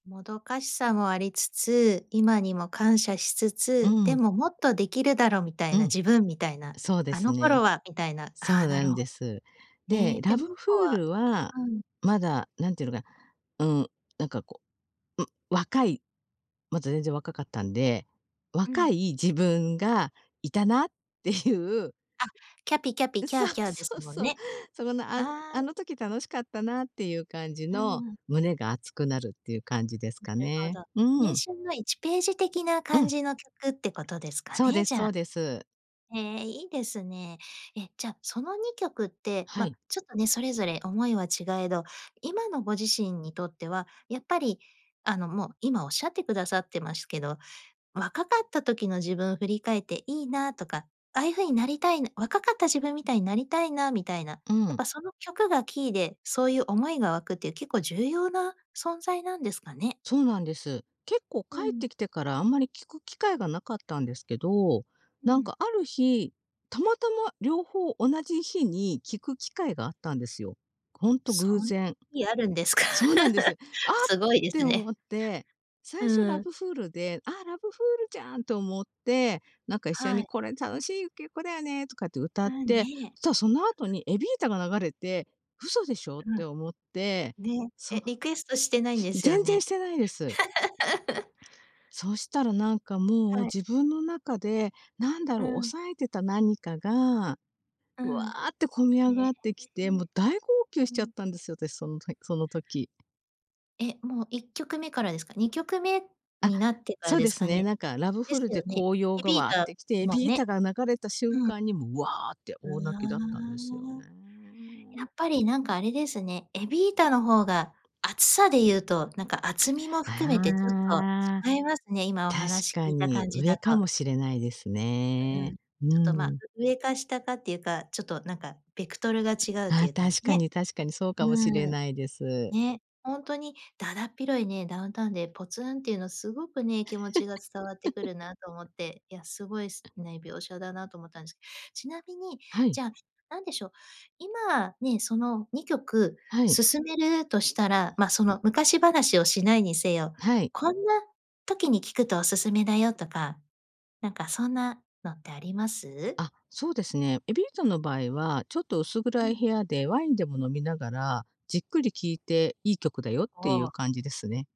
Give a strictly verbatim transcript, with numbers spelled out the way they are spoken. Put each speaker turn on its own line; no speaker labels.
もどかしさもありつつ、今にも感謝しつ
う
つ、で
ん。
ももっと出来るだろみたい
う
な、
ん。
自分みたいな。
そうで
あ
す
の頃
ね。
はみたいな。あ
そ
あ、
う
な
な
る
ん
ほ
で
[unintelligible]
す。
ええ、
で、
で、
ラブ
もういっこ
フー
は
ルは、
うん。
まだ、なんていうのかな、うん、なんかこう、ん若いまだ全然若かったんで、
う
若
ん。
い自分がいたなっていう。
あ、きゃぴきゃぴ
あ、
きゃ
そう
あきゃあで
そ
す
う
もん
そう。
ね。
そこの、あ
あ
あ
あ。
の時楽しかったなっていう感じ
う
の、
んうん。
胸が熱くなるっていう感じです
な
か
るほど。
ね。う
青
ん。
春のいちページ的な
う
感
ん。
じの曲ってことですか
そう
ね、
です
じゃ
そ
あ？
うです。
ええ、いいですね。え、じゃ、そのにきょくって、
は
ま、
い。
ちょっとね、それぞれ思いは違えど、今のご自身にとっては、やっぱり、あのもう、今仰ってくださってますけど、「若かった時の自分振り返っていいな」とか、「ああいう風になりたいな」「若かった自分みたいになりたいな」みたいな、や
う
っ
ん。
ぱその曲がキーで、そういう思いが湧くっていう結構重要な存在なんですかね？
そうなんです。結構
う
帰っ
ん。
てきてからあんまり聴く機会が無かったんですけど、
う
なん
ん。
かある日、たまたま両方同じ日に聴く機会があったんですよ。ほんと
そ
偶
ん
然。
にあるんですか？
そうなんで す。あっ、っ
すごいです
て思
ね。
って。最初
う
ラ
ん。
ブフールで、ああ、ラブフールじゃんって思って、なんか一緒
は
に
い。
これ楽しい曲だよねとかって歌
あ
っ
あ、
て、
ねえ。
したらその後にエヴィータが流れて、嘘でしょっ
うん。
て思って。
ね、
そう
え、リクエストしてないんですよ
全然
ね？
してないです。そしたらなんかもう
はい。
自分の中で、何だ
う
ろう、
ん。
抑えてた何かが、
うん。
わあってこみ上
ね。
がって
へ
き
へ
て、
え。
もう大号泣し
う
ちゃっ
ん。
たんですよ、私、そのとその時。
え、もういっきょく目からですか？にきょく目
あ、
になってか
そ
ら
う
で
で
す
す
か
ね、
ね？
なんかラブ
で
フー
す
ル
よ
で
ね。
高揚
エ
が
ヴィー
わあっ
タで
て来て、エ
す
ヴ
もん
ィー
ね？
タが流れた瞬
うん。
間にもう、わあって
あ
大泣きだったんですよ
あ。
ね。
やっぱりなんかあれですね、エヴィータの方が、厚さで言うと、なんか厚みも含めてちょっ
ああ。
と違いますね、今お
確
話聞
か
いた
に、
感じだ
上か
と。
もしれないです
う
ね。
ん。ち
う
ょっとま、
ん。
上か下かっていうか、ちょっとなんか、ベクトルが違うっ
あ
てい
あ、
うかね。
確かに確かにそうかもしれ
うん。
ないです。
ね、ほんとにだだっ広いね、ダウンタウンでポツンっていうの、すごくね、気持ちが伝わってくるなと思 って。いや、すごいすな描写だなと思ったんです。ちなみに、
はい。
じゃあ、何でしょう、今ね、そのにきょく
はい。
勧めるとしたら、ま、その昔話をしないにせよ、
はい。
こんな時に聴くとお勧めだよとか、なんかそんなのってあります？
あ、そうですね、エヴィータの場合は、ちょっと薄
う
暗い
ん。
部屋でワインでも飲みながら、じっくり聴いて、いい曲だよってい
あ
う
あ。
感じですね。